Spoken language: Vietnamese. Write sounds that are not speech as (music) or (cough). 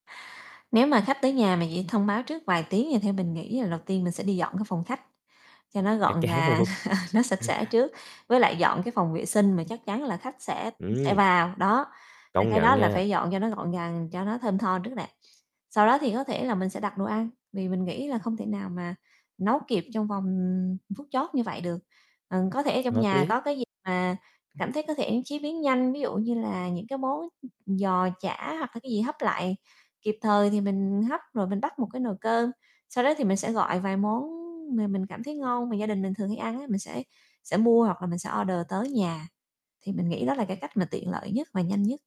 Nếu mà khách tới nhà mà chỉ thông báo trước vài tiếng thì theo mình nghĩ là đầu tiên mình sẽ đi dọn cái phòng khách, cho nó Chắc gọn chắn gàng, luôn. (laughs) nó sạch sẽ trước, với lại dọn cái phòng vệ sinh mà chắc chắn là khách sẽ sẽ Ừm. vào. Đó, hai Công cái nhận đó là nha. phải dọn cho nó gọn gàng, cho nó thơm tho trước nè. Sau đó thì có thể là mình sẽ đặt đồ ăn, vì mình nghĩ là không thể nào mà nấu kịp trong vòng, ừm, phút chót như vậy được. Ờ, có thể trong Hợp nhà lý. có cái gì mà cảm thấy có thể chế biến nhanh, ví dụ như là những cái món giò chả hoặc là cái gì hấp lại kịp thời thì mình hấp, rồi mình bắt một cái nồi cơm. Sau đó thì mình sẽ gọi vài món mà mình cảm thấy ngon, mà gia đình mình thường hay ăn á, mình sẽ sẽ mua hoặc là mình sẽ order tới nhà, thì mình nghĩ đó là cái cách mà tiện lợi nhất mà nhanh nhất.